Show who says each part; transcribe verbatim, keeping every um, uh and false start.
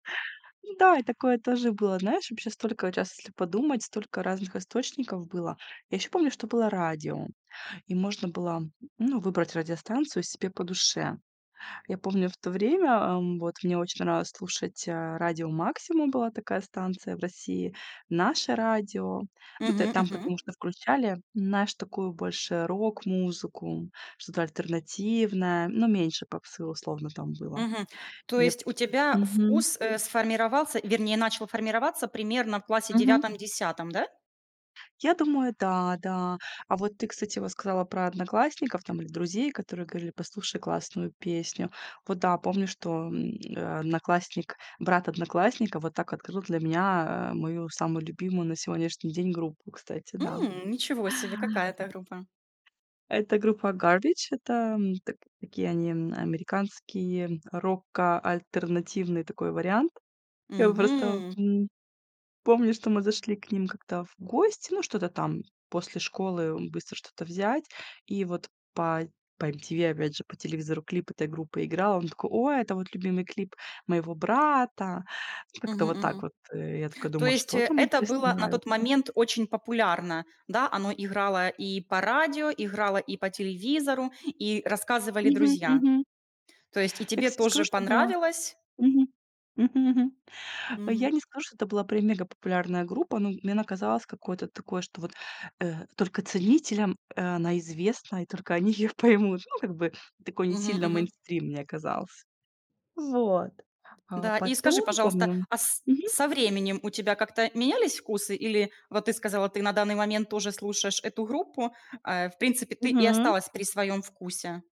Speaker 1: Да, и такое тоже было. Знаешь, вообще столько раз, если подумать, столько разных источников было. Я ещё помню, что было радио, и можно было, ну, выбрать радиостанцию себе по душе. Я помню в то время, м, вот мне очень нравилось слушать, э, радио "Максимум", была такая станция в России, "Наше радио". Ну тэ
Speaker 2: Мгм
Speaker 1: там
Speaker 2: мгм.
Speaker 1: потому что включали, знаешь, такую, больше рок-музыку, что-то альтернативное, но меньше попсы условно там было,
Speaker 2: Мгм. То
Speaker 1: мне п
Speaker 2: есть у тебя
Speaker 1: Мгм.
Speaker 2: вкус, э, сформировался, вернее начал формироваться примерно в классе
Speaker 1: Мгм.
Speaker 2: девятом десятом, да?
Speaker 1: Я думаю, да, да. А вот ты, кстати, вот сказала про одноклассников там или друзей, которые говорили: "Послушай классную песню". Вот да, помню, что, м, э, одноклассник брат одноклассника, вот так открыл для меня, э, мою самую любимую на сегодняшний день группу, кстати. Да.
Speaker 2: М, ничего себе! Какая это группа?
Speaker 1: Это группа Garbage. Это так такие они, м, американские, рокоальтернативный такой вариант. Я просто,
Speaker 2: Мгм!
Speaker 1: м, помню, что мы зашли к ним как-то в гости, ну, что-то там после школы быстро что-то взять, и вот по по MTV опять же, по телевизору клип этой группы играл, он такой: "Ой, это вот любимый клип моего брата!"
Speaker 2: Мгм
Speaker 1: Как-то вот так
Speaker 2: мгм.
Speaker 1: вот, э. Я такая
Speaker 2: То
Speaker 1: думаю:
Speaker 2: есть
Speaker 1: "Что там,
Speaker 2: это
Speaker 1: интересно,
Speaker 2: было на
Speaker 1: нравится?"
Speaker 2: тот момент очень популярно, да? Оно играло и по радио, играло и по телевизору, и рассказывали
Speaker 1: Мгм
Speaker 2: друзья.
Speaker 1: мгм.
Speaker 2: То есть и
Speaker 1: Я,
Speaker 2: тебе
Speaker 1: кстати, скажу,
Speaker 2: тоже
Speaker 1: что было
Speaker 2: понравилось?
Speaker 1: Мгм мгм мгм. Я
Speaker 2: Мгм.
Speaker 1: не скажу, что это была прям мегапопулярная группа, но м мне она казалось какое-то такое, что вот, э, только ценителям, э, она известна и только они ее поймут. Ну как бы такой, не
Speaker 2: Мгм
Speaker 1: сильно
Speaker 2: мгм.
Speaker 1: мейнстрим мне казался. Вот, а
Speaker 2: Да. И скажи,
Speaker 1: потом,
Speaker 2: пожалуйста,
Speaker 1: помню
Speaker 2: а с
Speaker 1: Мгм.
Speaker 2: со временем у тебя как-то менялись вкусы или вот ты сказала, ты на данный момент тоже слушаешь эту группу, э, в принципе, ты и
Speaker 1: Мгм.
Speaker 2: осталась при своём вкусе?